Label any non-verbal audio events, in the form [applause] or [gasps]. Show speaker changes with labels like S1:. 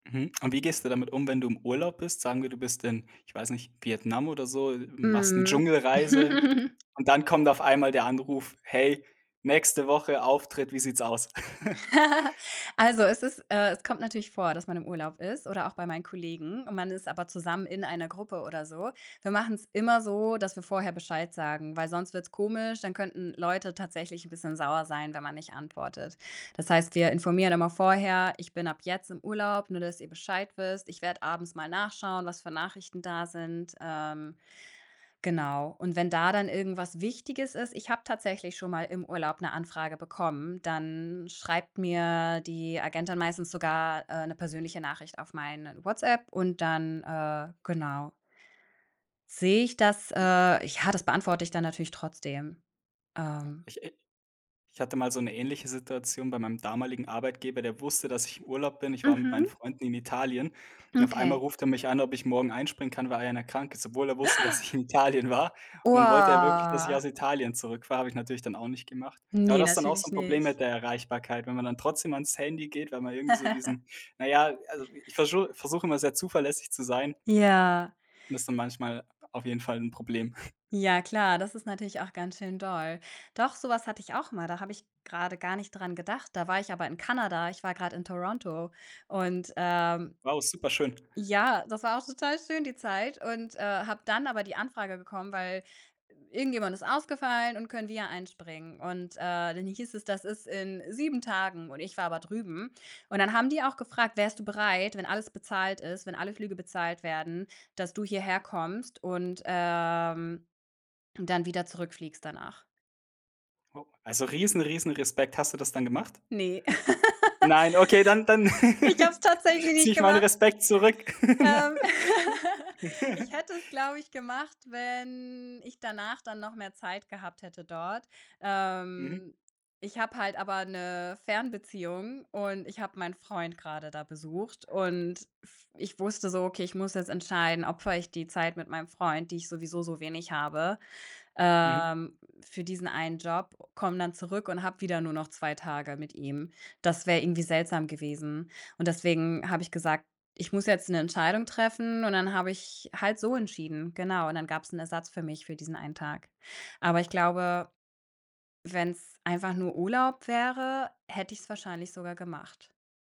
S1: Mhm. Und wie gehst du damit um, wenn du im Urlaub bist? Sagen wir, du bist in, ich weiß nicht, Vietnam oder so, machst 'ne
S2: Mhm.
S1: Dschungelreise,
S2: [laughs]
S1: und dann kommt auf einmal der Anruf: „Hey, nächste Woche Auftritt, wie sieht's aus?“ [giggles]
S2: [laughs] Also, es ist äh, es kommt natürlich vor, dass man im Urlaub ist oder auch bei meinen Kollegen, und man ist aber zusammen in einer Gruppe oder so. Wir machen's immer so, dass wir vorher Bescheid sagen, weil sonst wird's komisch. Dann könnten Leute tatsächlich 'n bisschen sauer sein, wenn man nicht antwortet. Das heißt, wir informieren immer vorher: „Ich bin ab jetzt im Urlaub, nur dass ihr Bescheid wisst. Ich werde abends mal nachschauen, was für Nachrichten da sind.“ Ähm, genau. Und wenn da dann irgendwas Wichtiges ist ich habe tatsächlich schon mal im Urlaub 'ne Anfrage bekommen, dann schreibt mir die Agentin meistens sogar, äh, 'ne persönliche Nachricht auf meine WhatsApp und dann äh, genau sehe ich das. Äh, ja, das beantworte ich da natürlich trotzdem,
S1: Ja.
S2: ähm
S1: Ich, äh ich hatte mal so 'ne ähnliche Situation bei meinem damaligen Arbeitgeber, der wusste, dass ich im Urlaub bin. Ich war mit meinen
S2: Mhm.
S1: Freunden in Italien, und auf einmal
S2: Okay.
S1: ruft er mich an, ob ich morgen einspringen kann, weil einer krank ist, obwohl er wusste, dass ich
S2: [gasps]
S1: in Italien war. Und dann wollte er wirklich, dass ich
S2: Boah.
S1: aus Italien zurückfahre. Habe ich natürlich dann auch nicht gemacht. Aber
S2: Ne,
S1: das ist dann auch so
S2: natürlich
S1: 'n Problem
S2: nicht.
S1: mit der Erreichbarkeit, wenn man dann trotzdem ans Handy geht, weil man irgendwie so
S2: [giggles]
S1: diesen na ja, also, ich verschu versuche immer sehr zuverlässig zu sein
S2: Ja.
S1: und das ist dann manchmal auf jeden Fall 'n Problem. [snorts]
S2: Ja klar, das ist natürlich auch ganz schön doll. Doch, so was hatte ich auch mal, da habe ich grade gar nicht dran gedacht. Da war ich aber in Kanada, ich war grad in Toronto und, ähm,
S1: Wow, super schön.
S2: ja, das war auch total schön die Zeit und, äh, habe dann aber die Anfrage bekommen, weil irgendjemand ist ausgefallen und können wir einspringen. Und, äh, dann hieß es, das ist in 7 Tagen und ich war aber drüben. Und dann haben die auch gefragt: „Wärst du bereit, wenn alles bezahlt ist, wenn alle Flüge bezahlt werden, dass du hierher kommst und, ähm, dann wieder zurückfliegst danach?“
S1: Oh, also riesen, riesen Respekt. Hast du das dann gemacht?
S2: Ne. [laughs]
S1: Nein, okay, dann dann
S2: Ich habe es
S1: [laughs]
S2: tatsächlich
S1: ziehe
S2: nicht
S1: ich meine
S2: gemacht.
S1: Respekt zurück.
S2: Ähm, [laughs] ich
S1: [laughs]
S2: hätte es, glaube ich, gemacht, wenn ich danach dann noch mehr Zeit gehabt hätte dort.
S1: Mhm.
S2: Ähm, ich habe halt aber 'ne Fernbeziehung und ich habe meinen Freund grade da besucht und f ich wusste so: Okay, ich muss jetzt entscheiden, opfere ich die Zeit mit meinem Freund, die ich sowieso so wenig habe,
S1: Mhm.
S2: ähm, für diesen einen Job, komme dann zurück und habe wieder nur noch 2 Tage mit ihm. Das wäre irgendwie seltsam gewesen und deswegen habe ich gesagt: „Ich muss jetzt 'ne Entscheidung treffen“ und dann habe ich halt so entschieden. Genau, und dann gab's 'n Ersatz für mich für diesen einen Tag. Aber ich glaube, wenn's einfach nur Urlaub wäre, hätte ich's wahrscheinlich sogar gemacht.